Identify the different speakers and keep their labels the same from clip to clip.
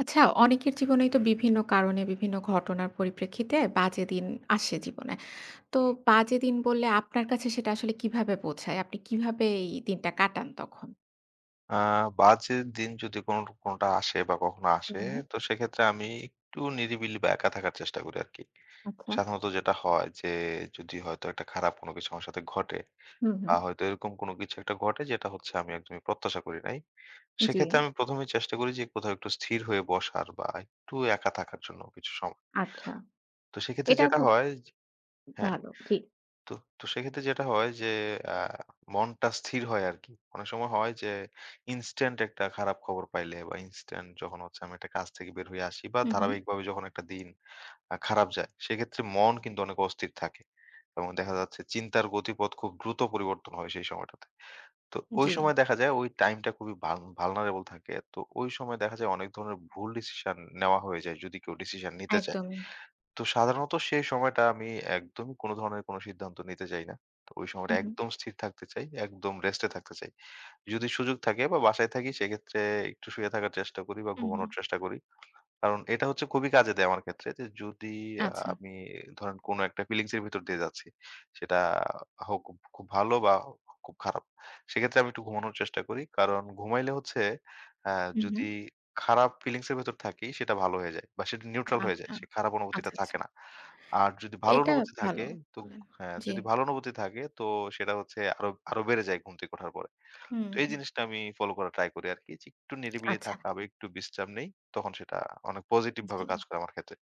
Speaker 1: আচ্ছা, অনেকের জীবনেই তো বিভিন্ন কারণে, বিভিন্ন ঘটনার পরিপ্রেক্ষিতে বাজে দিন আসে জীবনে। তো, বাজে দিন বললে, আপনার কাছে সেটা আসলে কিভাবে বোঝায়? আপনি কিভাবে এই দিনটা কাটান তখন?
Speaker 2: আ বাজে দিন যদি কোনো কোনোটা আসে বা কখনো আসে,
Speaker 1: হুম।
Speaker 2: তো সেক্ষেত্রে আমি একটু নিরিবিলি বা একা থাকার চেষ্টা করি আরকি।
Speaker 1: আচ্ছা।
Speaker 2: সাধারণত যেটা হয় যে, যদি হয়তো একটা খারাপ কোনো কিছু আমার সাথে ঘটে
Speaker 1: হু,
Speaker 2: বা
Speaker 1: হু।
Speaker 2: হয়তো এরকম কোনো কিছু একটা ঘটে, যেটা হচ্ছে আমি একদমই প্রত্যাশা করি নাই।
Speaker 1: জি।
Speaker 2: সেক্ষেত্রে আমি ১ম এই চেষ্টা করি যে, কোথাও একটু স্থির হয়ে বসার বা একটু একা থাকার জন্য কিছু সময়।
Speaker 1: আচ্ছা।
Speaker 2: তো সেক্ষেত্রে
Speaker 1: এটা
Speaker 2: যেটা
Speaker 1: খুব
Speaker 2: হয় যে হ্যাঁ।
Speaker 1: ভালো, ঠিক।
Speaker 2: তো, তো সেক্ষেত্রে যেটা হয় যে, অ্যা মনটা স্থির হয় আরকি। অনেক সময় হয় যে, ইনস্ট্যান্ট একটা খারাপ খবর পাইলে বা ইনস্ট্যান্ট যখন হচ্ছে আমি একটা কাছ থেকে বের হয়ে আসি বা
Speaker 1: হু, হু।
Speaker 2: ধারাবাহিকভাবে যখন একটা দিন আ খারাপ যায়, সেক্ষেত্রে মন কিন্তু অনেক অস্থির থাকে এবং দেখা যাচ্ছে, চিন্তার গতিপথ খুব দ্রুত পরিবর্তন হয় সেই সময়টাতে। তো, ঐ সময়
Speaker 1: জি।
Speaker 2: দেখা যায়, ওই টাইমটা খুবই ভাল vulnerable থাকে। তো, ঐ সময় দেখা যায়, অনেক ধরনের ভুল ডিসিশন নেওয়া হয়ে যায়, যদি কেউ ডিসিশন নিতে চায়।
Speaker 1: একদমই।
Speaker 2: তো সাধারণত সেই সময়টা আমি একদমই কোনো ধরনের কোনো সিদ্ধান্ত নিতে চাই না। তো ওই
Speaker 1: হু,
Speaker 2: সময়টা
Speaker 1: হু।
Speaker 2: একদম স্থির থাকতে চাই, একদম রেস্ট এ থাকতে চাই। যদি সুযোগ থাকে বা বাসায় থাকি, সেক্ষেত্রে একটু শুয়ে থাকার চেষ্টা করি বা
Speaker 1: হু, হু।
Speaker 2: ঘুমানোর চেষ্টা করি। কারণ, এটা হচ্ছে খুবই কাজে দেয় আমার ক্ষেত্রে। যে যদি আ
Speaker 1: আচ্ছা।
Speaker 2: আমি ধরেন, কোনো একটা ফিলিংস এর ভেতর দিয়ে যাচ্ছি, সেটা হোক খ খুব ভালো বা খ খুব খারাপ। সেক্ষেত্রে আমি একটু ঘুমানোর চেষ্টা করি। কারণ, ঘুমাইলে হচ্ছে আ
Speaker 1: হু,
Speaker 2: যদি
Speaker 1: হু।
Speaker 2: খারাপ ফিলিংস এর ভেতর থাকি, সেটা ভালো হয়ে যায় বা সেটা neutral হয়ে যায়।
Speaker 1: আচ্ছা।
Speaker 2: সে খারাপ অনুভূতিটা
Speaker 1: আচ্ছা, আচ্ছা।
Speaker 2: থাকে না। আর যদি ভালো
Speaker 1: এটা
Speaker 2: অনুভূতি
Speaker 1: ভালো
Speaker 2: থাকে, তো
Speaker 1: করলেন।
Speaker 2: হ্যাঁ।
Speaker 1: জি।
Speaker 2: যদি ভালো অনুভূতি থাকে, তো সেটা হচ্ছে আরো আরো বেড়ে যায় ঘুম থেকে ওঠার পরে।
Speaker 1: হু,
Speaker 2: তো এই
Speaker 1: হু।
Speaker 2: জিনিসটা আমি ফলো করার ট্রাই করি আরকি। যে একটু নিরিবিলি
Speaker 1: আচ্ছা।
Speaker 2: থাকা বা একটু বিশ্রাম নেই, তখন সেটা অনেক
Speaker 1: জি।
Speaker 2: পজিটিভভাবে কাজ করে আমার ক্ষেত্রে।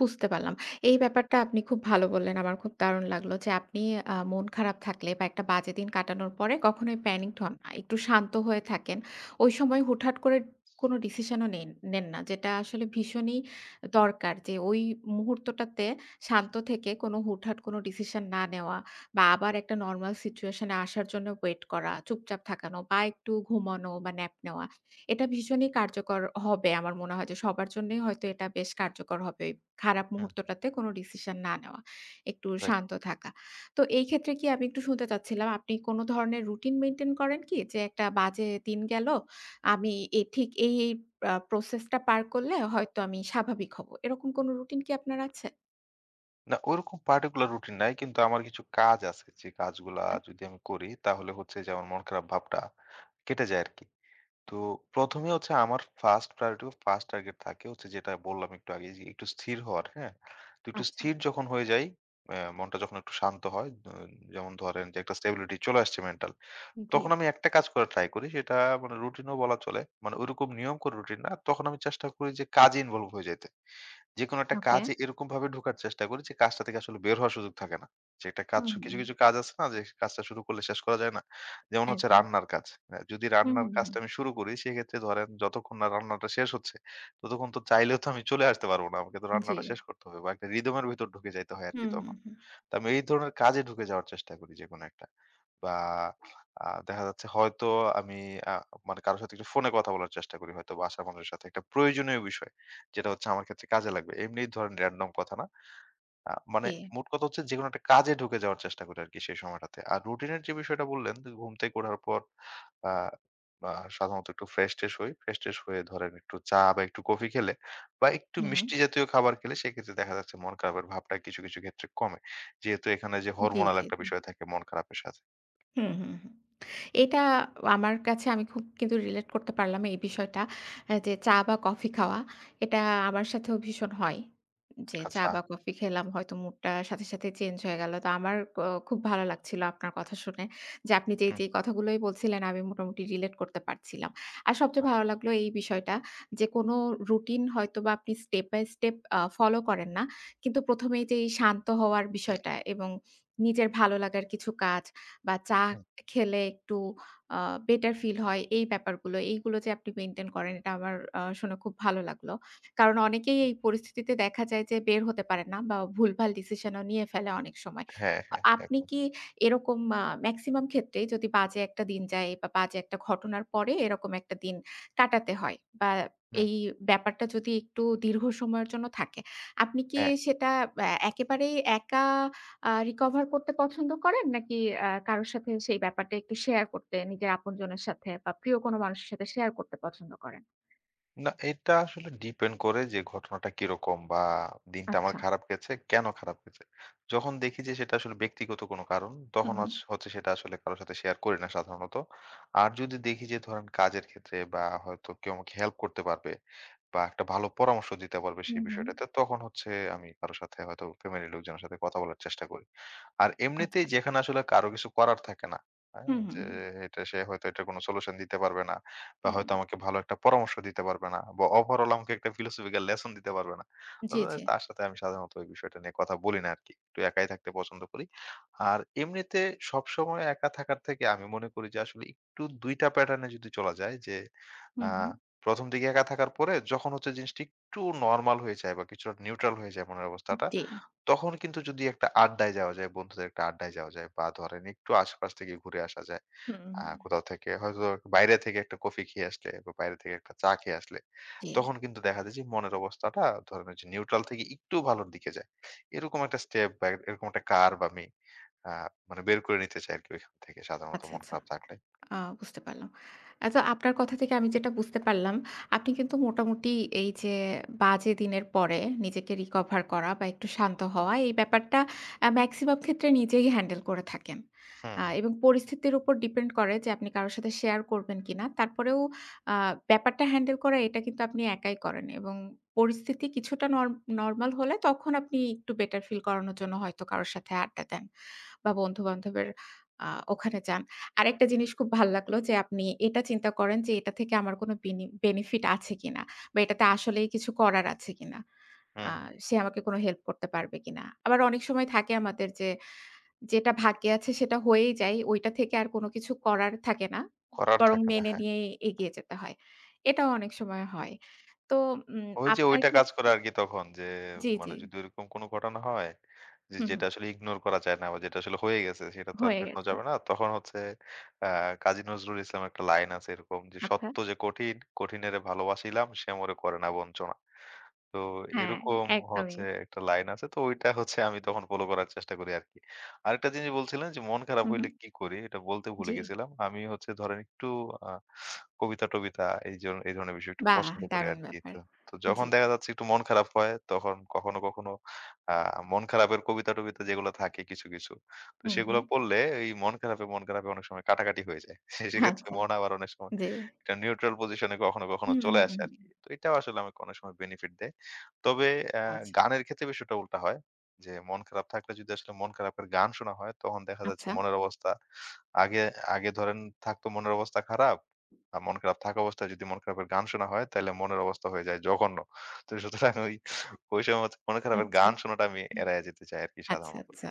Speaker 1: বুঝতে পারলাম। এই ব্যাপারটা আপনি খুব ভালো বললেন। আমার খুব দারুণ লাগলো যে আপনি আ মন খারাপ থাকলে বা একটা বাজে দিন কাটানোর পরে কখনোই প্যানিকড হন নাই। একটু শান্ত হয়ে থাকেন। ওই সময় হুটহাট করে কোন ডিসিশন ও নেন নেন না। যেটা আসলে ভীষণই দরকার যে ওই মুহূর্তটাতে শান্ত থেকে কোন হুটহাট কোন ডিসিশন না নেওয়া বা আবার একটা নরমাল সিচুয়েশন এ আসার জন্য ওয়েট করা, চুপচাপ থাকানো বা একটু ঘুমানো বা ন্যাপ নেওয়া। এটা ভীষণই কার্যকর হবে। আমার মনে হয় যে সবার জন্যই হয়তো এটা বেশ কার্যকর হবে। খারাপ
Speaker 2: হ্যাঁ।
Speaker 1: মুহূর্তটাতে কোন ডিসিশন না নেওয়া। একটু
Speaker 2: রাইট।
Speaker 1: শান্ত থাকা। তো এই ক্ষেত্রে কি আমি একটু শুনতে চাচ্ছিলাম আপনি কোনো ধরনের রুটিন মেইনটেইন করেন কি? যে একটা বাজে দিন গেল। আমি এথিক এ এই পা প্রসেস টা পার করলে হয়তো আমি স্বাভাবিক হবো। এরকম কোন রুটিন কি আপনার আছে?
Speaker 2: না, ওরকম পার্টিকুলার রুটিন নাই। কিন্তু আমার কিছু কাজ আছে। যে কাজগুলা
Speaker 1: আচ্ছা।
Speaker 2: যদি আমি করি তাহলে হচ্ছে যে আমার মন খারাপ ভাবটা কেটে যায় আরকি। তো ১ম এ হচ্ছে আমার 1st প্রায়োরিটি 1st টার্গেট থাকে হচ্ছে যেটা বললাম একটু আগে যে একটু স্থির হওয়ার হ্যাঁ? তো একটু
Speaker 1: আচ্ছা।
Speaker 2: স্থির যখন হয়ে যাই, অ্যা মনটা যখন একটু শান্ত হয় দ যেমন ধরেন যে একটা স্ট্যাবিলিটি চলে আসছে মেন্টাল, তখন
Speaker 1: জী।
Speaker 2: আমি একটা কাজ করার ট্রাই করি। সেটা মানে রুটিন ও বলা চলে। মানে ঐরকম নিয়ম করে রুটিন না। তখন আমি চেষ্টা করি যে কাজে ইনভলভ হয়ে যাইতে। যেকোনো একটা
Speaker 1: ওকে।
Speaker 2: কাজে এরকমভাবে ঢোকার চেষ্টা করি যে কাজটা থেকে আসলে বের হওয়ার সুযোগ থাকে না। যে একটা কাজ
Speaker 1: হুম,
Speaker 2: কিছু,
Speaker 1: হুম।
Speaker 2: কিছু কাজ আছে না যে কাজটা শুরু করলে শেষ করা যায় না। যেমন হচ্ছে
Speaker 1: একদম।
Speaker 2: রান্নার কাজ। এ যদি
Speaker 1: হুম,
Speaker 2: রান্নার
Speaker 1: হুম,
Speaker 2: কাজটা
Speaker 1: হুম।
Speaker 2: আমি শুরু করি সেক্ষেত্রে ধরেন যতক্ষণ না রান্নাটা শেষ হচ্ছে, ততক্ষণ তো চাইলেও তো আমি চলে আসতে পারব না। আমাকে তো রান্নাটা
Speaker 1: জ্বী।
Speaker 2: শেষ করতে হবে। বা একটা রিদমের ভিতর ঢুকে যাইতে হয় আরকি
Speaker 1: হুম, হুম,
Speaker 2: তখন।
Speaker 1: হুম।
Speaker 2: তো আমি এই ধরনের কাজে ঢুকে যাওয়ার চেষ্টা করি যেকোনো একটা। বা আ দেখা যাচ্ছে হয়তো আমি আ মনে কারো সাথে একটু ফোনে কথা বলার চেষ্টা করি হয়তো বাসার মানুষের সাথে একটা প্রয়োজনীয় বিষয় যেটা হচ্ছে আমার ক্ষেত্রে কাজে লাগবে। এমনি ধরেন র‍্যান্ডোম কথা না। আ মানে
Speaker 1: জী।
Speaker 2: মোট কথা হচ্ছে যেকোনো একটা কাজে ঢুকে যাওয়ার চেষ্টা করি আরকি সেই সময়টাতে। আর রুটিনের যে বিষয়টা বললেন, দু ঘুম থেকে ওঠার পর আ বা সাধারণত একটু ফ্রেশ ট্রেস হই। ফ্রেশ ট্রেস হয়ে ধরেন একটু চা বা একটু কফি খেলে বা একটু
Speaker 1: হুম, হুম।
Speaker 2: মিষ্টি জাতীয় খাবার খেলে সেক্ষেত্রে দেখা যাচ্ছে মন খারাপের ভাবটা কিছু, কিছু ক্ষেত্রে কমে। যেহেতু এখানে যে
Speaker 1: জী,
Speaker 2: হরমোনাল
Speaker 1: জী,
Speaker 2: একটা
Speaker 1: জী।
Speaker 2: বিষয় থাকে মন খারাপের সাথে।
Speaker 1: হুম, হুম, হুম। এটা আমার কাছে আমি খুব কিন্তু রিলেট করতে পারলাম এই বিষয়টা। এ যে চা বা কফি খাওয়া এটা আমার সাথেও ভীষণ হয়। যে চা
Speaker 2: আচ্ছা।
Speaker 1: বা কফি খেলাম হয়তো মুডটা সাথে, সাথে চেঞ্জ হয়ে গেল। তো আমার ও খুব ভালো লাগছিল আপনার কথা শুনে। যে আপনি যেই,
Speaker 2: হুম।
Speaker 1: যেই কথাগুলোই বলছিলেন আমি মোটামুটি রিলেট করতে পারছিলাম। আর সবচেয়ে
Speaker 2: আহ
Speaker 1: ভালো লাগলো এই বিষয়টা যে কোন রুটিন হয়তোবা আপনি স্টেপ বাই স্টেপ আ ফলো করেন না। কিন্তু ১ম এই যেই শান্ত হওয়ার বিষয়টা এবং নিজের ভালো লাগার কিছু কাজ বা চা
Speaker 2: হুম।
Speaker 1: খেলে একটু আ বেটার ফিল হয় এই ব্যাপারগুলো এইগুলো যে আপনি মেইনটেইন করেন এটা আমার আ শুনে খুব ভালো লাগলো। কারণ অনেকেই এই পরিস্থিতিতে দেখা যায় যে বের হতে পারে না বা ভুলভাল ডিসিশন ও নিয়ে ফেলে অনেক সময়।
Speaker 2: হ্যাঁ,
Speaker 1: অ
Speaker 2: হ্যাঁ এক
Speaker 1: আপনি কি এরকম মা মেক্সিমাম ক্ষেত্রে যদি বাজে একটা দিন যায় বা বাজে একটা ঘটনার পরে এরকম একটা দিন কাটাতে হয়। বা
Speaker 2: হুম।
Speaker 1: এই ব্যাপারটা যদি একটু দীর্ঘ সময়ের জন্য থাকে। আপনি কি
Speaker 2: হ্যাঁ।
Speaker 1: সেটা এ একেবারেই একা আ রিকভার করতে পছন্দ করেন? নাকি এ কারোর সাথে সেই ব্যাপারটা একটু শেয়ার করতে নিজের আপনজনের সাথে বা প্রিয় কোন মানুষের সাথে শেয়ার করতে পছন্দ করেন?
Speaker 2: না এটা আসলে ডিপেন্ড করে, যে ঘটনাটা কিরকম বা দিনটা আমার
Speaker 1: আচ্ছা।
Speaker 2: খারাপ গেছে, কেন খারাপ গেছে? যখন দেখি যে সেটা আসলে ব্যক্তিগত কোন কারণ, তখন
Speaker 1: হুম,
Speaker 2: আস
Speaker 1: হুম।
Speaker 2: হচ্ছে সেটা আসলে কারো সাথে শেয়ার করি না সাধারণত। আর যদি দেখি যে ধরেন কাজের ক্ষেত্রে, বা হয়তো কেউ আমাকে হেল্প করতে পারবে বা একটা ভালো পরামর্শ দিতে পারবে সেই
Speaker 1: হুম, হুম।
Speaker 2: বিষয়টাতে, তখন হচ্ছে আমি কারো সাথে হয়তো ফ্যামিলির লোকজনের সাথে কথা বলার চেষ্টা করি। আর
Speaker 1: আচ্ছা।
Speaker 2: এমনিতেই যেখানে আসলে কারো কিছু করার থাকে না, অ্যা
Speaker 1: হুম, হুম,
Speaker 2: যে
Speaker 1: হুম।
Speaker 2: এটা সে হয়তো এটার কোনো সলিউশন দিতে পারবে না, বা
Speaker 1: হুম।
Speaker 2: হয়তো আমাকে ভালো একটা পরামর্শ দিতে পারবে না বা ওভারঅল আমাকে একটা ফিলোসফিক্যাল লেসন দিতে পারবে না
Speaker 1: জি,
Speaker 2: অতএ
Speaker 1: জি।
Speaker 2: তার সাথে আমি সাধারণত ওই বিষয়টা নিয়ে কথা বলি না আরকি। একটু একাই থাকতে পছন্দ করি। আর এমনিতে সবসময় একা থাকার থেকে আমি মনে করি যে, আসলে একটু দুইটা প্যাটার্ন এ যদি চলা যায় যে,
Speaker 1: হুম,
Speaker 2: অ্যা
Speaker 1: হুম।
Speaker 2: ১ম দিকে একা থাকার পরে যখন হচ্ছে জিনিসটা একটু নরমাল হয়ে যায়। বা কিছু আ নিউট্রাল হয়ে যায় মনের
Speaker 1: উম
Speaker 2: অবস্থাটা,
Speaker 1: ডি
Speaker 2: তখন কিন্তু যদি একটা আড্ডায় যাওয়া যায়, বন্ধুদের একটা আড্ডায় যাওয়া যায় বা ধরেন একটু আশপাশ থেকে ঘুরে আসা যায়।
Speaker 1: হুম,
Speaker 2: আ
Speaker 1: হুম।
Speaker 2: কোথাও থেকে, হয়তো বাইরে থেকে একটা কফি খেয়ে আসলে বা বাইরে থেকে একটা চা খেয়ে আসলে,
Speaker 1: জি।
Speaker 2: তখন কিন্তু দেখা যায় যে মনের অবস্থাটা, ধরেন ওইযে নিউট্রাল থেকে একটু ভালোর দিকে যায়। এরকম একটা স্টেপ বা এরকম একটা কার্ভ আমি অ্যা মানে বের করে নিতে চাই আরকি ঐখান থেকে সাধারণত
Speaker 1: আচ্ছা,
Speaker 2: মন
Speaker 1: আচ্ছা।
Speaker 2: খারাপ থাকলে।
Speaker 1: আ বুঝতে পারলাম। আচ্ছা আপনার কথা থেকে আমি যেটা বুঝতে পারলাম, আপনি কিন্তু মোটামুটি এই যে বাজে দিনের পরে নিজেকে রিকভার করা বা, একটু শান্ত হওয়া এই ব্যাপারটা আ মেক্সিমাম ক্ষেত্রে নিজেই হ্যান্ডেল করে থাকেন।
Speaker 2: হুম,
Speaker 1: অ্যা
Speaker 2: হুম।
Speaker 1: এবং পরিস্থিতির উপর ডিপেন্ড করে যে, আপনি কারো সাথে শেয়ার করবেন কিনা। তারপরেও অ্যা ব্যাপারটা হ্যান্ডেল করা এটা কিন্তু আপনি একাই করেন এবং পরিস্থিতি কিছুটা নর নরমাল হলে, তখন আপনি একটু বেটার ফিল করানোর জন্য হয়তো কারো সাথে আড্ডা দেন। বা বন্ধুবান্ধবের অ্যা ওখানে যান। আরেকটা জিনিস খুব ভাল্লাগলো, যে আপনি এটা চিন্তা করেন যে, "এটা থেকে আমার কোন বিনি বেনিফিট আছে কিনা? বা এটাতে আসলেই কিছু করার আছে কিনা?
Speaker 2: হুম,
Speaker 1: আ
Speaker 2: হুম।
Speaker 1: সে আমাকে কোন হেল্প করতে পারবে কিনা?" আবার অনেক সময় থাকে আমাদের যে, যেটা ভাগ্যে আছে সেটা হয়েই যায়। ঐটা থেকে আর কোন কিছু করার থাকে না। উ
Speaker 2: করার
Speaker 1: বরং
Speaker 2: থাকে না,
Speaker 1: মেনে
Speaker 2: হ্যাঁ।
Speaker 1: নিয়েই এগিয়ে যেতে হয়। এটাও অনেক সময় হয়। তো উম
Speaker 2: ঐ যে
Speaker 1: আপনার
Speaker 2: ঐটা কাজ করে
Speaker 1: ক্ষেত্রে
Speaker 2: আরকি তখন যে
Speaker 1: জি, জি।
Speaker 2: মানে যদি ওইরকম কোন ঘটনা হয়, যে
Speaker 1: হুম,
Speaker 2: যেটা
Speaker 1: হুম।
Speaker 2: আসলে ইগনোর করা যায় না, বা যেটা আসলে হয়ে গেছে সেটা তো আর
Speaker 1: হয়ে
Speaker 2: ফেরানো
Speaker 1: গেছে।
Speaker 2: যাবে না। তখন হচ্ছে অ্যা কাজী নজরুল ইসলামের একটা লাইন আছে এরকম যে,
Speaker 1: আচ্ছা,
Speaker 2: "সত্য যে কঠিন, কঠিনেরে ভালোবাসিলাম সে মরে করে না বঞ্চনা।" তো
Speaker 1: হ্যাঁ,
Speaker 2: এরকম
Speaker 1: একদমই।
Speaker 2: হচ্ছে একটা লাইন আছে। তো ঐটা হচ্ছে আমি তখন ফলো করার চেষ্টা করি আরকি। আরেকটা জিনিস বলছিলেন যে, "মন খারাপ
Speaker 1: হুম,
Speaker 2: হইলে
Speaker 1: হুম।
Speaker 2: কি করি?" এইটা বলতে ভুলে
Speaker 1: জি।
Speaker 2: গেছিলাম। আমি হচ্ছে ধরেন একটু আ কবিতা-টবিতা এই জ এই ধরনের বিষয় একটু
Speaker 1: বাহ!
Speaker 2: পছন্দ করি
Speaker 1: দারুণ
Speaker 2: আরকি।
Speaker 1: ব্যাপার।
Speaker 2: তো তো যখন
Speaker 1: জি।
Speaker 2: দেখা যাচ্ছে একটু মন খারাপ হয়, তখন কখনো, কখনো আ মন খারাপের কবিতা-টবিতা যেগুলো থাকে কিছু, কিছু। তো
Speaker 1: হুম,
Speaker 2: সেগুলো
Speaker 1: হুম।
Speaker 2: পড়লে এই মন খারাপে, মন খারাপে অনেক সময় কাটাকাটি হয়ে যায়। সে সেক্ষেত্রে
Speaker 1: আচ্ছা,
Speaker 2: মন আবার অনেক সময়
Speaker 1: জি।
Speaker 2: একটা নিউট্রাল পজিশন এ কখনো, কখনো
Speaker 1: হুম, হুম,
Speaker 2: চলে
Speaker 1: হুম,
Speaker 2: আসে
Speaker 1: হুম।
Speaker 2: আরকি। তো এইটাও আসলে আমাকে অনেক সময় বেনিফিট দেয়। তবে অ্যা
Speaker 1: আচ্ছা।
Speaker 2: গানের ক্ষেত্রে বিষয় উল্টা হয়। যে মন খারাপ থাকলে যদি আসলে মন খারাপ এর গান শোনা হয়, তখন দেখা যাচ্ছে
Speaker 1: আচ্ছা।
Speaker 2: মনের অবস্থা আগে আগে ধরেন থাকতো মনের অবস্থা খারাপ। আর মন খারাপ থাকা অবস্থায় যদি মন খারাপের গান শোনা হয়, তাইলে মনের অবস্থা হয়ে যায় জঘন্য। তো সুতরাং ঐ ঐ সময় থ মনের খারাপের
Speaker 1: আচ্ছা,
Speaker 2: গান শোনাটা আমি
Speaker 1: হুম।
Speaker 2: এড়ায়ে যেতে চাই আরকি
Speaker 1: আচ্ছা,
Speaker 2: সাধারণত।
Speaker 1: আচ্ছা।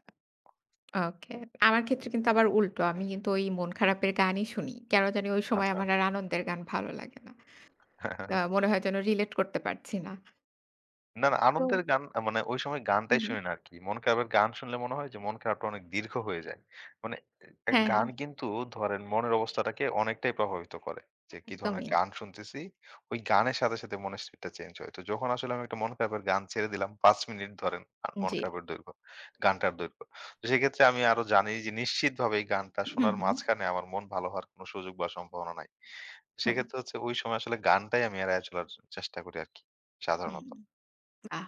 Speaker 1: ওকে। আমার ক্ষেত্রে কিন্তু আবার উল্টো। আমি কিন্তু ঐ মন খারাপের গানই শুনি। কেন জানি ঐ সময়
Speaker 2: আচ্ছা।
Speaker 1: আমার আর আনন্দের গান ভালো লাগে না। তা মনে হয় যেন রিলেট করতে পারছি না।
Speaker 2: না না, আনন্দের
Speaker 1: তো
Speaker 2: গান মানে ঐ সময়
Speaker 1: হুম,
Speaker 2: গানটাই
Speaker 1: হুম।
Speaker 2: শুনি না আরকি। মন খারাপের গান শুনলে মনে হয় যে মন খারাপটা অনেক দীর্ঘ হয়ে যায়। মানে এ
Speaker 1: হ্যাঁ,
Speaker 2: গান
Speaker 1: হ্যাঁ।
Speaker 2: কিন্তু ধরেন মনের অবস্থাটাকে অনেকটাই প্রভাবিত করে। যে কি ধরনের
Speaker 1: একদমই।
Speaker 2: গান শুনতেছি, ওই গানের সাথে, সাথে মনের স্টেটটা চেঞ্জ হয়। তো যখন আসলে আমি একটা মন খারাপের গান ছেড়ে দিলাম ৫ মিনিট ধরেন আ মন
Speaker 1: জি।
Speaker 2: খারাপের দৈর্ঘ্য, গানটার দৈর্ঘ্য। তো সেইক্ষেত্রে আমি আরো জানি যে নিশ্চিতভাবে এই গানটা
Speaker 1: হুম,
Speaker 2: শোনার
Speaker 1: হুম।
Speaker 2: মাঝখানে আমার মন ভালো হওয়ার কোনো সুযোগ বা সম্ভাবনা নাই।
Speaker 1: হুম।
Speaker 2: সেইক্ষেত্রে হচ্ছে ওই সময় আসলে গানটাই আমি এড়াইয়া চলার চ চেষ্টা করি আরকি, সাধারণত।
Speaker 1: হুম। বাহ!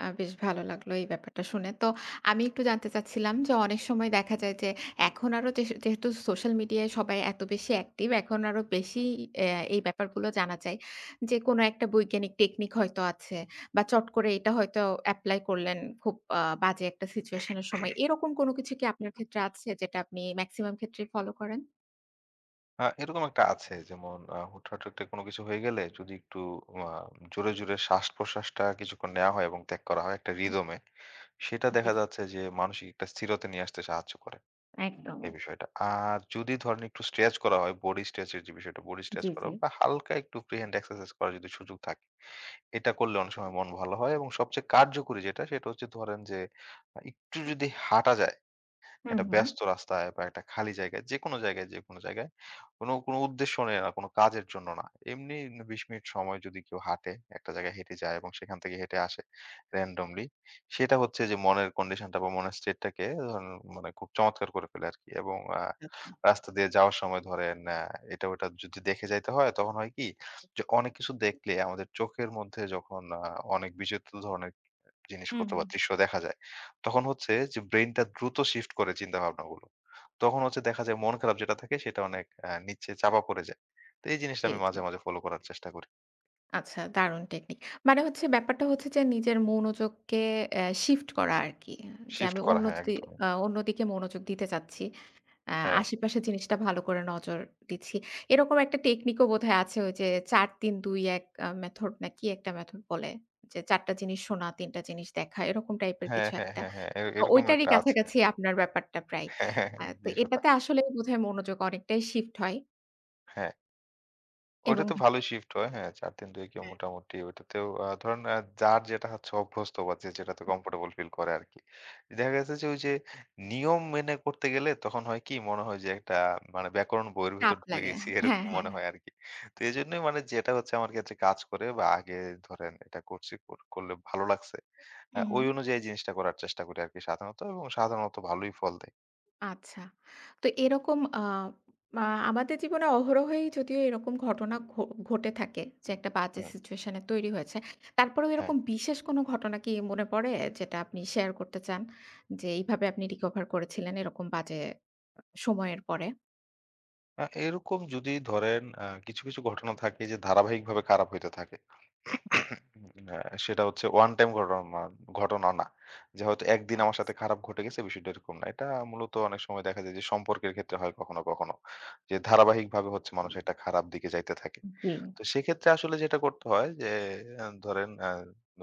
Speaker 1: আ বেশ ভালো লাগলো এই ব্যাপারটা শুনে। তো আমি একটু জানতে চাচ্ছিলাম যে অনেক সময় দেখা যায় যে এখন আরো যেহ যেহেতু সোশ্যাল মিডিয়ায় সবাই এত বেশি অ্যাক্টিভ এখন আরো বেশি অ্যাঁ এই ব্যাপারগুলো জানা যায়। যে কোন একটা বৈজ্ঞানিক টেকনিক হয়তো আছে বা চট করে এটা হয়তো এপ্লাই করলেন খুব আ বাজে একটা সিচুয়েশন এর সময়। এরকম কোনো কিছু কি আপনার ক্ষেত্রে আছে যেটা আপনি মেক্সিমাম ক্ষেত্রেই ফলো করেন?
Speaker 2: আ এরকম একটা আছে। যেমন আ হুটহাট একটা কোন কিছু হয়ে গেলে যদি একটু আ জোরে, জোরে শ্বাসপ্রশ্বাসটা কিছুক্ষণ নেয়া হয় এবং ত্যাগ করা হয় একটা
Speaker 1: হুম।
Speaker 2: রিদম এ, সেটা দেখা
Speaker 1: জি।
Speaker 2: যাচ্ছে যে মানসিক একটা স্থিরতা নিয়ে আসতে সাহায্য করে। এই
Speaker 1: একদম।
Speaker 2: বিষয়টা। আর যদি ধরেন একটু স্ট্রেচ করা হয় বডি স্ট্রেচ এর যে বিষয়টা বডি স্ট্রেচ
Speaker 1: জ্বী,
Speaker 2: করা
Speaker 1: জ্বী।
Speaker 2: বা হালকা একটু ফ্রি হ্যান্ড এক্সারসাইজ করার যদি সুযোগ থাকে, এটা করলে অনেক সময় মন ভালো হয় এবং সবচেয়ে কার্যকরী যেটা, সেটা হচ্ছে ধরেন যে আ একটু যদি হাঁটা যায়,
Speaker 1: হুম,
Speaker 2: একটা
Speaker 1: হুম।
Speaker 2: ব্যস্ত রাস্তায় বা একটা খালি জায়গায় যেকোনো জায়গায়, যেকোন জায়গায় কোন, কোন উদ্দেশ্য নিয়ে না কোন কাজের জন্য না। এমনি নি ২০ মিনিট সময় যদি কেউ হাঁটে একটা জায়গায় হেঁটে যায় এবং সেখান থেকে হেঁটে আসে, রেন্ডমলি সেটা হচ্ছে যে মনের কন্ডিশনটা বা মনের স্টেটটাকে ধরুন মানে খুব চমৎকার করে ফেলে আরকি এবং আ
Speaker 1: আচ্ছা।
Speaker 2: রাস্তা দিয়ে যাওয়ার সময় ধরেন অ্যা এটা ওটা যদি দেখে যাইতে হয়, তখন হয় কি যে অনেক কিছু দেখলে আমাদের চোখের মধ্যে যখন আ অনেক বিচিত্র ধরনের [unintelligible]
Speaker 1: হুম,
Speaker 2: জিনিসপত্র বা
Speaker 1: হুম।
Speaker 2: দৃশ্য দেখা যায়, তখন হচ্ছে যে ব্রেইনটা দ্রুত শিফট করে চিন্তা ভাবনাগুলো। তখন হচ্ছে দেখা যায় মন খারাপ যেটা থাকে সেটা অনেক এ নিচে চাপা পড়ে যায়। তো এই জিনিসটা
Speaker 1: জি,
Speaker 2: আমি
Speaker 1: জি।
Speaker 2: মাঝে, মাঝে ফলো করার চেষ্টা করি।
Speaker 1: আচ্ছা, দারুণ টেকনিক। মানে হচ্ছে ব্যাপারটা হচ্ছে যে নিজের মনোযোগকে এ শিফট করা আরকি। যে
Speaker 2: শিফট
Speaker 1: আমি
Speaker 2: করা।
Speaker 1: অন্য
Speaker 2: হ্যাঁ,
Speaker 1: যদি
Speaker 2: একদমই।
Speaker 1: আ অন্যদিকে মনোযোগ দিতে চাচ্ছি। এ
Speaker 2: হ্যাঁ।
Speaker 1: আশেপাশের জিনিসটা ভালো করে নজর দিচ্ছি। এরকম একটা টেকনিকও বোধহয় আছে ওইযে ৪-৩-২-১ আ মেথড না কি একটা মেথড বলে? যে ৪ টা জিনিস শোনা, ৩ টা জিনিস দেখা, এরকম টাইপের
Speaker 2: হ্যাঁ,
Speaker 1: কিছু
Speaker 2: হ্যাঁ,
Speaker 1: একটা।
Speaker 2: হ্যাঁ, হ্যাঁ। এ
Speaker 1: ও
Speaker 2: এরকম
Speaker 1: ঐটারি
Speaker 2: একটা আছে।
Speaker 1: কাছাকাছি আপনার ব্যাপারটা প্রায়।
Speaker 2: হ্যাঁ, হ্যাঁ,
Speaker 1: অ্যা তো
Speaker 2: বিষয়টা।
Speaker 1: এটাতে আসলে বোধহয় মনোযোগ অনেকটাই শিফট হয়।
Speaker 2: হ্যাঁ। ওইটা
Speaker 1: এবং
Speaker 2: তো ভালোই শিফট হয়। হ্যাঁ, ৪-৩-২ কি
Speaker 1: হ্যাঁ।
Speaker 2: মোটামুটি ওইটাতেও আ ধরেন এ যার যেটা হচ্ছে অভ্যস্ত বা যে যেটাতে কমফোর্টেবল ফিল করে আরকি। দেখা গেছে যে ঐ যে নিয়ম মেনে করতে গেলে তখন হয় কি মনে হয় যে একটা মানে ব্যাকরণ বইয়ের ভেতর
Speaker 1: চাপ
Speaker 2: ঢুকে
Speaker 1: লাগে।
Speaker 2: গেসি
Speaker 1: হ্যাঁ,
Speaker 2: এরকম
Speaker 1: হ্যাঁ।
Speaker 2: মনে হয় আরকি। তো এজন্যই মানে যেটা হচ্ছে আমার ক্ষেত্রে কাজ করে বা আগে ধরেন এটা করছি কর করলে ভালো লাগসে। হ্যাঁ,
Speaker 1: হুম,
Speaker 2: ওই
Speaker 1: হুম।
Speaker 2: অনুযায়ী জিনিসটা করার চেষ্টা করি আরকি সাধারণত এবং সাধারণত ভালোই ফল দেয়।
Speaker 1: আচ্ছা। তো এরকম আ মা আমাদের জীবনে অহরহই যদিও এরকম ঘটনা ঘ ঘটে থাকে যে একটা বাজে
Speaker 2: হুম।
Speaker 1: সিচুয়েশনে তৈরি হয়েছে। তারপরেও
Speaker 2: হ্যাঁ।
Speaker 1: এরকম বিশেষ কোন ঘটনা কি মনে পড়ে যেটা আপনি শেয়ার করতে চান? যে এইভাবে আপনি রিকভার করেছিলেন এরকম বাজে সময়ের পরে?
Speaker 2: আ এরকম যদি ধরেন আ কিছু, কিছু ঘটনা থাকে যে ধারাবাহিকভাবে খারাপ হইতে থাকে।
Speaker 1: হুম।
Speaker 2: উম আ সেটা হচ্ছে ওয়ান টাইম ঘটনা ঘটনা না। যে হয়তো ১ দিন
Speaker 1: চান্স।
Speaker 2: আমার সাথে খারাপ ঘটে গেছে বিষয়টা এরকম না। এটা মূলত অনেক সময় দেখা যায় যে সম্পর্কের ক্ষেত্রে হয় কখনো, কখনো। যে ধারাবাহিকভাবে হচ্ছে মানুষ
Speaker 1: হুম।
Speaker 2: একটা খারাপ দিকে যাইতে থাকে।
Speaker 1: উ জী।
Speaker 2: তো সেক্ষেত্রে আসলে যেটা করতে হয় যে এ ধরেন এ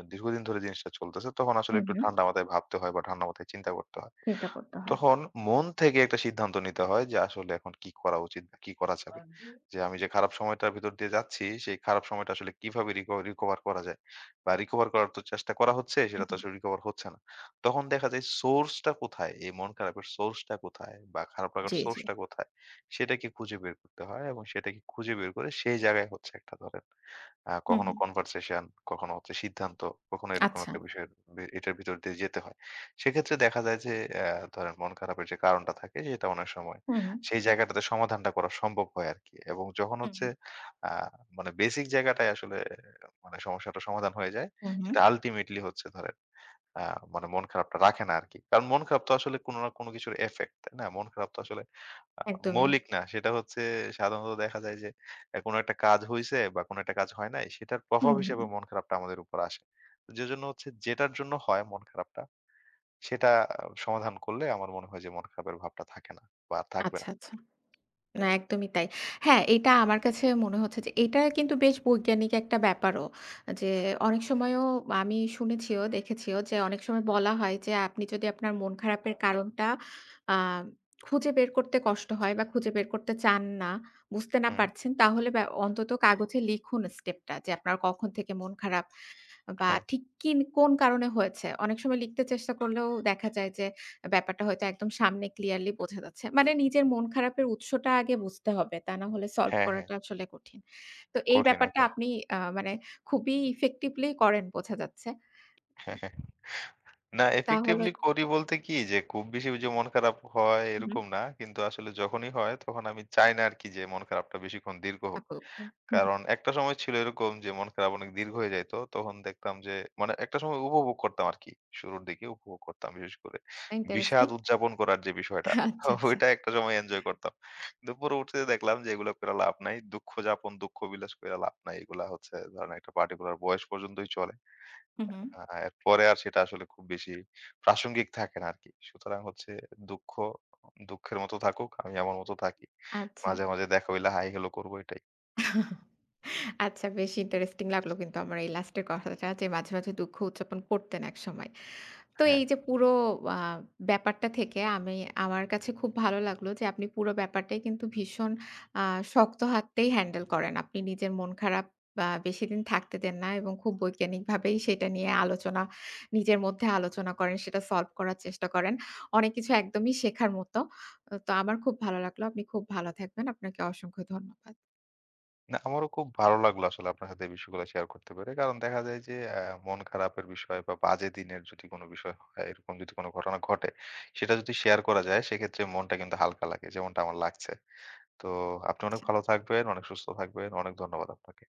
Speaker 2: অ দীর্ঘদিন ধরে জিনিসটা চলতেছে তখন আসলে
Speaker 1: হুম,
Speaker 2: একটু
Speaker 1: হুম।
Speaker 2: ঠান্ডা মাথায় ভাবতে হয় বা ঠান্ডা মাথায় চিন্তা করতে হয়।
Speaker 1: চিন্তা করতে হয়।
Speaker 2: তখন মন থেকে একটা সিদ্ধান্ত নিতে হয় যে আসলে এখন কি করা উচিত কি করা যাবে।
Speaker 1: আনটি।
Speaker 2: যে আমি যে খারাপ সময়টার ভেতর দিয়ে যাচ্ছি সেই খারাপ সময়টা আসলে কিভাবে রিক রিকভার করা যায়। বা রিকভার করার তো চেষ্টা করা হচ্ছে
Speaker 1: হুম,
Speaker 2: সেটা তো
Speaker 1: হুম।
Speaker 2: আসলে রিকভার হচ্ছে না। তখন দেখা যায় সোর্স টা কোথায়? এই মন খারাপের সোর্স টা কোথায় বা খারাপ রাকার
Speaker 1: জি,
Speaker 2: সোর্স
Speaker 1: জি।
Speaker 2: টা কোথায়? সেটাকে খুঁজে বের করতে হয় এবং সেটাকে খুঁজে বের করে সেই জায়গায় হচ্ছে একটা ধরেন। আ
Speaker 1: হুম,
Speaker 2: কখনো
Speaker 1: হুম।
Speaker 2: কনভারসেশন কখনো হচ্ছে সিদ্ধান্ত, কখনো এরকম
Speaker 1: আচ্ছা।
Speaker 2: একটা বিষয় বে এটার ভিতর দিয়ে যেতে হয়। সেক্ষেত্রে দেখা যায় যে এ ধরেন মন খারাপের যে কারণটা থাকে সেটা অনেক সময়।
Speaker 1: হুম।
Speaker 2: সেই জায়গাটাতে সমাধানটা করা সম্ভব হয় আরকি এবং যখন হচ্ছে
Speaker 1: হুম।
Speaker 2: আ মানে বেসিক জায়গাটায় আসলে এ মানে সমস্যাটা সমাধান হয়ে যায়
Speaker 1: হুম, হুম।
Speaker 2: সেটা আল্টিমেটলি হচ্ছে ধরেন আ মানে মন খারাপটা রাখে না আরকি। কারণ মন খারাপ তো আসলে কোনো না কোনো কিছুর effect তাইনা? মন খারাপ তো আসলে আ
Speaker 1: একদমই।
Speaker 2: মৌলিক না সেটা হচ্ছে সাধারণত দেখা যায় যে এ কোন একটা কাজ হইছে বা কোন একটা কাজ হয় নাই সেটার
Speaker 1: হু
Speaker 2: প্রভাব
Speaker 1: হুম।
Speaker 2: হিসেবে মন খারাপটা আমাদের উপর আসে। যে জন্য হচ্ছে যেটার জন্য হয় মন খারাপটা সেটা আ সমাধান করলে আমার মনে হয় যে মন খারাপের ভাবটা থাকে না বা থাকবে
Speaker 1: আচ্ছা,
Speaker 2: না।
Speaker 1: আচ্ছা। না একদমই তাই। হ্যাঁ, এটা আমার কাছে মনে হচ্ছে যে এটা কিন্তু বেশ বৈজ্ঞানিক একটা ব্যাপারও। এ যে অনেক সময়ও আমি শুনেছিও দেখেছিও যে অনেক সময় বলা হয় যে আপনি যদি আপনার মন খারাপের কারণটা আ খুঁজে বের করতে কষ্ট হয় বা খুঁজে বের করতে চান না, বুঝতে না
Speaker 2: হুম।
Speaker 1: পারছেন তাহলে বে অন্তত কাগজে লিখুন স্টেপ টা যে আপনার কখন থেকে মন খারাপ। বা
Speaker 2: হ্যাঁ।
Speaker 1: ঠিক কিন কোন কারণে হয়েছে। অনেক সময় লিখতে চেষ্টা করলেও দেখা যায় যে এ ব্যাপারটা হয়তো একদম সামনে ক্লিয়ারলি বোঝা যাচ্ছে। মানে নিজের মন খারাপের উৎসটা আগে বুঝতে হবে। তা না হলে সলভ
Speaker 2: হ্যাঁ, হ্যাঁ।
Speaker 1: করাটা আসলে কঠিন। তো এই
Speaker 2: কঠিন
Speaker 1: ব্যাপারটা
Speaker 2: একদম।
Speaker 1: আপনি আ মানে খুবই ইফেক্টিভলি করেন বোঝা যাচ্ছে উম
Speaker 2: না
Speaker 1: তাহলে
Speaker 2: ইফেক্টিভলি করি বলতে কি যে খুব বেশি যে মন খারাপ হয়
Speaker 1: হুম।
Speaker 2: এরকম না। কিন্তু আসলে যখনই হয় তখন আমি চাই না আরকি যে মন খারাপটা বেশিক্ষণ দীর্ঘ হোক।
Speaker 1: শাফল করে, হুম।
Speaker 2: কারণ একটা সময় ছিল এরকম যে মন খারাপ অনেক দীর্ঘ হয়ে যাইত। তখন দেখতাম যে মানে একটা সময় উপভোগ করতাম আরকি। শুরুর দিকে উপভোগ করতাম বিশেষ করে। বিষাদ
Speaker 1: ইন্টারেস্টিং!
Speaker 2: উদযাপন করার যে বিষয়টা
Speaker 1: আচ্ছা, আচ্ছা।
Speaker 2: ওইটা একটা সময় এনজয় করতাম। দুপুরে উঠতে দেখলাম যে এগুলা কইরা লাভ নাই। দুঃখযাপন, দুঃখ বিলাস কইরা লাভ নাই। এগুলা হচ্ছে ধরেন একটা পার্টিকুলার বয়স পর্যন্তই চলে।
Speaker 1: হুম, হুম।
Speaker 2: এ আ এরপরে আর সেটা আসলে খুব বেশি প্রাসঙ্গিক থাকে না আরকি। সুতরাং হচ্ছে দুঃখ দুঃখের মতো থাকুক, আমি আমার মতো থাকি।
Speaker 1: আচ্ছা।
Speaker 2: মাঝে, মাঝে দেখা হইলে হাই হেলো করবো এটাই।
Speaker 1: আচ্ছা বেশ ইন্টারেস্টিং লাগলো কিন্তু আমার এই লাস্টের কথাটা যে মাঝে মাঝে দুঃখ উদযাপন করতেন একসময়। তো
Speaker 2: হ্যাঁ।
Speaker 1: এই যে পুরো আ ব্যাপারটা থেকে আমি আমার কাছে খুব ভালো লাগলো যে আপনি পুরো ব্যাপারটাই কিন্তু ভীষণ আ শক্ত হাততেই হ্যান্ডেল করেন। আপনি নিজের মন খারাপ আ বা বেশিদিন থাকতে দেন না এবং খুব বৈজ্ঞানিকভাবেই সেটা নিয়ে আলোচনা নিজের মধ্যে আলোচনা করেন। সেটা সলভ করার চেষ্টা করেন। অনেক কিছু একদমই শেখার মতো। তো আমার খুব ভালো লাগলো। আপনি খুব ভালো থাকবেন। আপনাকে অসংখ্য ধন্যবাদ।
Speaker 2: না আমারও খুব ভালো লাগলো আসলে আপনার সাথে এই বিষয়গুলো শেয়ার করতে পেরে। কারণ দেখা যায় যে অ্যা মন খারাপের বিষয় বা বাজে দিনের যদি কোন বিষয় হয় এরকম যদি কোন ঘটনা ঘটে সেটা যদি শেয়ার করা যায় সেক্ষেত্রে মনটা কিন্তু হালকা লাগে যেমনটা আমার লাগছে। তো আপনি অনেক
Speaker 1: জি।
Speaker 2: ভালো থাকবেন, অনেক সুস্থ থাকবেন। অনেক ধন্যবাদ আপনাকে।